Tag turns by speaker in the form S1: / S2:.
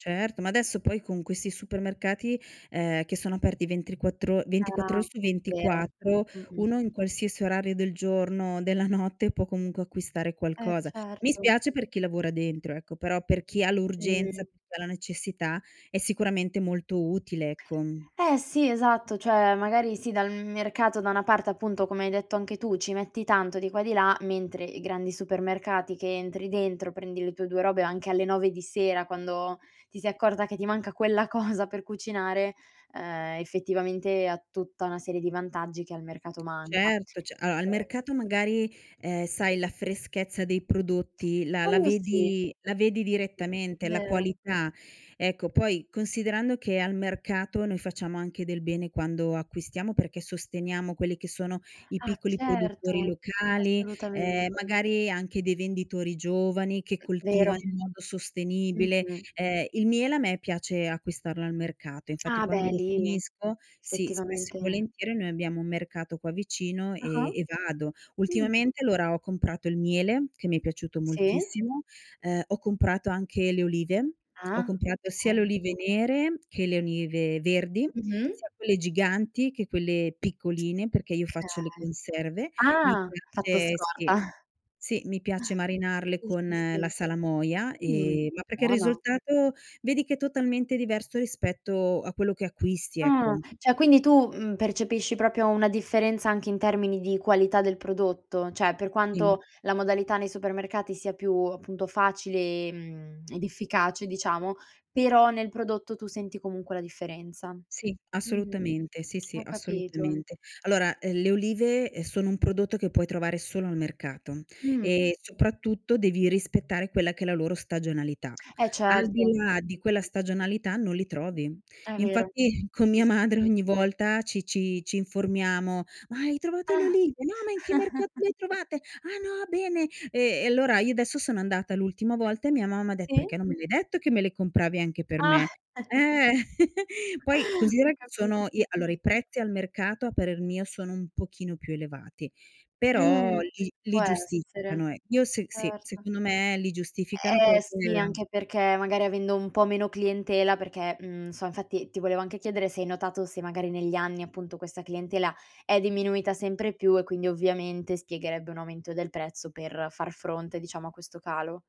S1: Certo, ma adesso poi con questi supermercati, ehm, che sono aperti ventriquattro 24
S2: Ah,
S1: ore su
S2: vero.
S1: 24,
S2: Mh-mh.
S1: uno in qualsiasi orario del giorno, della notte può comunque acquistare
S2: Eh,
S1: qualcosa. Mi
S2: certo.
S1: spiace per chi lavora dentro, ecco, però per chi ha l'urgenza,
S2: Mh.
S1: [unintelligible] ha la necessità è sicuramente molto utile, ecco, mhmm.
S2: Eh, sì, esatto. Cioè, magari sì, dal m mercato da una parte appunto, come hai detto anche tu, ci metti tanto di qua e di là, mentre i grandi supermercati che entri dentro, prendi le tue 2 robe anche alle 9:00 di sera quando ti sei accorta che ti manca quella cosa per cucinare, ehm, effettivamente ha tutta una serie di vantaggi che al mercato manca.
S1: Certo, c allora, al
S2: E
S1: mercato magari, ehm, sai la freschezza dei prodotti la la
S2: Quello sì.
S1: vedi la vedi direttamente, la
S2: Vero.
S1: qualità, ecco. Poi, considerando che al mercato noi facciamo anche del bene quando acquistiamo, perché sosteniamo quelli che sono i
S2: Ah,
S1: piccoli produttori
S2: certo,
S1: locali, ehm,
S2: assolutamente.
S1: magari anche dei venditori giovani che coltivano
S2: Vero.
S1: in modo sostenibile.
S2: Mh-mh.
S1: Ehm, il miele a me piace acquistarlo al mercato, infatti
S2: Ah,
S1: quando
S2: beh,
S1: lo
S2: lì
S1: finisco sì, spesso e
S2: effettivamente.
S1: volentieri noi abbiamo un mercato qua vicino eh
S2: Ah-ah.
S1: e vado.
S2: Mh.
S1: Ultimamente, allora ho comprato il miele che mi è piaciuto
S2: Sì.
S1: moltissimo, ehm, ho comprato anche le olive, ho
S2: Ah,
S1: comprato sia le
S2: okay.
S1: olive nere che le olive verdi,
S2: Mh-mh.
S1: sia quelle giganti che quelle piccoline, perché io faccio le
S2: Okay.
S1: conserve. Mi
S2: Ah, fatto
S1: piace
S2: scorta.
S1: sì. Sì, mi piace marinarle
S2: Sì,
S1: con
S2: sì,
S1: la
S2: sì.
S1: salamoia,
S2: Mhmm,
S1: ehm ma perché il
S2: buono.
S1: risultato vedi che è totalmente diverso rispetto a quello che acquisti,
S2: Ah.
S1: ecco.
S2: Cioè, quindi tu, mhmm, percepisci proprio una differenza, anche in termini di qualità del prodotto? Cioè, per
S1: Dimm
S2: quanto la modalità nei supermercati sia più ,appunto, facile, ehm, ed efficace diciamo, però nel prodotto tu senti comunque la differenza.
S1: Sì,
S2: Mh.
S1: assolutamente. Sì, sì,
S2: Ho capito.
S1: assolutamente. Allora, ehm, le olive, ehm, sono un prodotto che puoi trovare solo al mercato,
S2: Mh.
S1: e soprattutto devi rispettare quella che è la loro stagionalità.
S2: Eh,
S1: Al di
S2: certo.
S1: là di quella stagionalità non li trovi.
S2: È vero.
S1: Infatti con
S2: Sì,
S1: mia
S2: sì,
S1: madre
S2: sì.
S1: ogni volta ci ci ci informiamo: "Ma hai trovato le olive? No, ma in che mercato le hai trovate? Ah, no, bene". Ehm, e allora io adesso sono andata l'ultima volta e mia mamma ha detto:
S2: Sì.
S1: "Perché non me l'hai detto, che me le compravi anche per
S2: Ah.
S1: me?" eh. Poi considera
S2: Ho
S1: che
S2: capito.
S1: sono i allora, i prezzi al mercato a parer mio sono un pochino più elevati, però
S2: Mh.
S1: li
S2: Può
S1: li
S2: essere.
S1: giustificano ecc io se s sì,
S2: Certo.
S1: secondo me li giustificano
S2: Eh, sì,
S1: perché
S2: anche perché magari avendo un po' meno clientela, perché, mhmm, so infatti ti volevo anche chiedere se hai notato se magari negli anni, appunto, questa clientela è diminuita sempre più e quindi ovviamente spiegherebbe un aumento del prezzo per far fronte, diciamo, a questo calo.